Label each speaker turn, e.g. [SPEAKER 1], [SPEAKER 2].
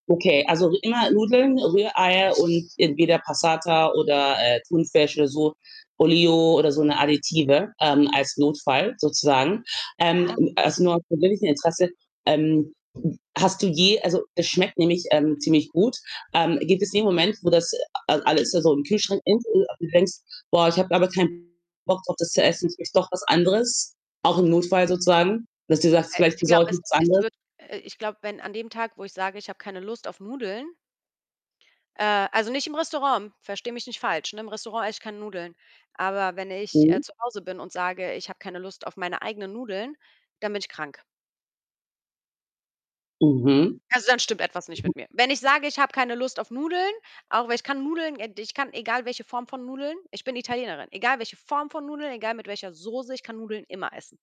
[SPEAKER 1] Okay, also, immer Nudeln, Rühreier und entweder Passata oder, äh, Thunfisch oder so, Olio oder so 'ne Additive, ähm, als Notfall sozusagen. Ähm,
[SPEAKER 2] Ja.
[SPEAKER 1] ä also, nur aus persönlichem Interesse, ähm, hast du je also, das schmeckt nämlich, ähm, ziemlich gut. Ähm, gibt es den Moment, wo das, äh, a alles da so im Kühlschrank ist und du denkst: „Boah, ich habe aber keinen Bock drauf, das zu essen, jetzt nehme ich doch was anderes.“, auch im Notfall sozusagen, dass du sagst:
[SPEAKER 2] Äh,
[SPEAKER 1] „Vielleicht
[SPEAKER 2] ich glaube,
[SPEAKER 1] besorge ich
[SPEAKER 2] es
[SPEAKER 1] was
[SPEAKER 2] es
[SPEAKER 1] anderes.“
[SPEAKER 2] wird äh, ich glaube, wenn an dem Tag, wo ich sage: „Ich habe keine Lust auf Nudeln“ äh, also nicht im Restaurant, verstehe mich nicht falsch, ne? Im Restaurant esse ich keine Nudeln. Aber wenn ich, äh,
[SPEAKER 1] Mhm.
[SPEAKER 2] zu Hause bin und sage: „Ich habe keine Lust auf meine eigenen Nudeln“, dann bin ich krank.
[SPEAKER 1] Mhm.
[SPEAKER 2] Also, dann stimmt etwas nicht
[SPEAKER 1] Mhm.
[SPEAKER 2] mit mir. Wenn ich sage: „Ich habe keine Lust auf Nudeln“, auch weil ich kann Nudeln äh, d ich kann, egal welche Form von Nudeln ich bin Italienerin, egal welche Form von Nudeln, egal mit welcher Soße, ich kann Nudeln immer essen.